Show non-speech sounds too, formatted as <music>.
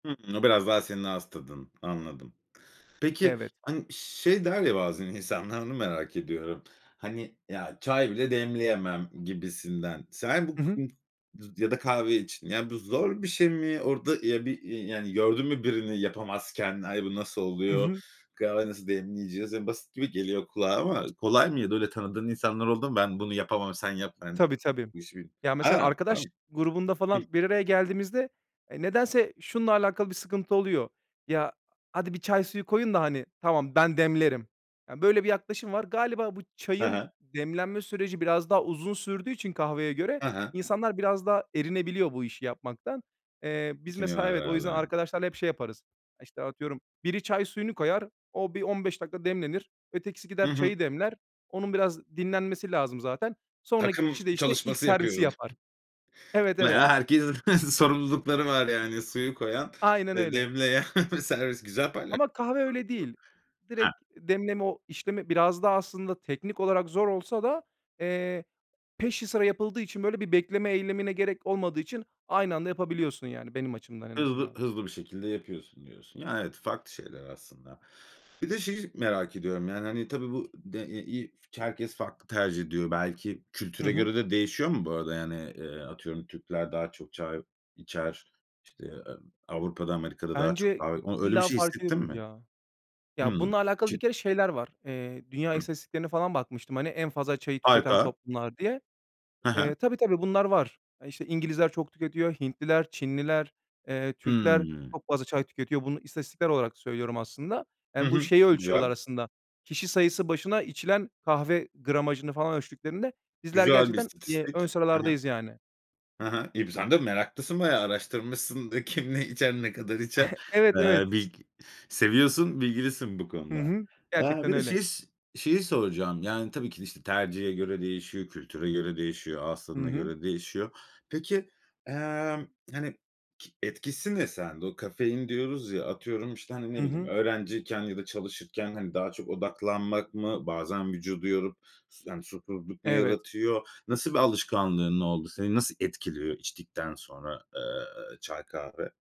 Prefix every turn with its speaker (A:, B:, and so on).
A: Hımm, o biraz daha senin ağız tadın. Anladım. Peki,
B: Evet.
A: hani, şey der ya bazen insanlar onu merak ediyorum. "Hani, ya çay bile demleyemem." gibisinden. Sen bu
B: Hı hı.
A: <unintelligible> duz ya da kahve için. Ya bu zor bir şey mi? Orada, ya, bir, iii, yani gördün mü birini yapamazken? "Ay bu nasıl
B: Hı
A: oluyor?
B: hı.
A: Kahve nasıl demleyeceğiz?" Ya, basit gibi geliyor kulağa ama z kolay mıydı, öyle tanıdığın insanlar oldu mu? "Ben bunu yapamam sen yap." Sen
B: Tabii, tabii.
A: <unintelligible>
B: Ya, mesela
A: Ha var
B: arkadaş
A: mı?
B: grubunda
A: Hıh.
B: falan bir araya geldiğimizde, eee, nedense şununla alakalı bir sıkıntı oluyor: "Ya hadi bir çay suyu koyun da, hani, tamam ben demlerim." Yani böyle bir yaklaşım var. Galiba bu
A: Ha
B: çayın
A: ha.
B: demlenme süreci biraz daha uzun sürdüğü için kahveye göre
A: Ha ha.
B: insanlar biraz daha erinebiliyor bu işi yapmaktan. Eee, biz mesela,
A: Çekiniyorlar
B: evet, o yüzden
A: herhâlde.
B: arkadaşlarla hep şey yaparız. İşte, atıyorum biri çay suyunu koyar o bir 15 dakika demlenir. Ötekisi
A: Hı
B: gider
A: hı.
B: çayı demler. Onun biraz dinlenmesi lazım zaten. Sonraki
A: Takım
B: kişi de, işte, ilk
A: çalışması
B: servisi
A: yapıyoruz.
B: yapar.
A: <chuckles>
B: Evet,
A: <unintelligible>
B: evet.
A: Herkes <chuckles> sorumlulukları var yani: suyu koyan,
B: Aynen
A: ııı,
B: öyle.
A: demleyen ve servis. güzel payla
B: Ama kahve öyle değil.
A: <unintelligible> He.
B: Direkt demleme o işlemi biraz da aslında teknik olarak zor olsa da, eee, peşi sıra yapıldığı için böyle bir bekleme eylemine gerek olmadığı için aynı anda yapabiliyorsun yani benim açımdan en
A: Hızlı
B: azından.
A: hızlı bir şekilde yapıyorsun diyorsun. Ya, evet, farklı şeyler aslında. Bir de şeyi merak ediyorum: Yani hani tabii bu de e i f herkes farklı tercih ediyor. Belki
B: Hı
A: kültüre
B: hı.
A: göre de değişiyor mu bu arada yani? Eee, atıyorum Türkler daha çok çay içer, işte, eee, Avrupa'da, Amerika'da daha çok
B: Bence
A: daha oy öyle bir
B: illa
A: şey
B: fark
A: hissettin
B: ediyordur
A: mi?
B: ya. Ya
A: Hımm.
B: bununla alakalı
A: Çı
B: bir kere şeyler var. Eee, dünya
A: Hıh.
B: istatistiklerine falan bakmıştım, hani, en fazla çayı tüketen
A: Harika.
B: toplumlar diye.
A: Ha ha.
B: Eee, tabii, tabii, bunlar var. E, işte, İngilizler çok tüketiyor, Hintliler, Çinliler, eee, Türkler
A: Hıı.
B: çok fazla çay tüketiyor. Bunu istatistiksel olarak söylüyorum aslında.
A: Hı
B: Yani bu
A: hı.
B: şeyi
A: Çok
B: ölçüyorlar
A: güzel.
B: aslında. Kişi sayısı başına içilen kahve gramajını falan ölçtüklerinde bizler
A: Güzel bir
B: gerçekten, iii, ön
A: istatistik. Ha ha.
B: sıralardayız yani.
A: Ha ha. İii, bi sen de meraklısın bayağı araştırmışsın da: Kim ne içer, ne kadar içer?
B: <chuckles> Evet,
A: Eee,
B: evet.
A: bilg seviyorsun, bilgilisin bu
B: Hı
A: konuda.
B: hı.
A: Aaa,
B: Gerçekten
A: bir de
B: öyle.
A: şeys şeyi soracağım. Yani tabii ki de, işte, tercihe göre değişiyor, kültüre göre değişiyor, ağız
B: Hı
A: tadına
B: hı.
A: göre değişiyor. Peki, emm, hani, ki etkisi ne sende? O "kafein" diyoruz ya, atıyorum, işte, hani, ne
B: Hı
A: bileyim
B: hı.
A: öğrenciyken ya da çalışırken, hani, daha çok odaklanmak mı? Bazen vücudu yorup su yani, susuzluk mu
B: Evet.
A: yaratıyor? Nasıl bir alışkanlığın oldu? Seni nasıl etkiliyor içtikten sonra, eee, çay, kahve?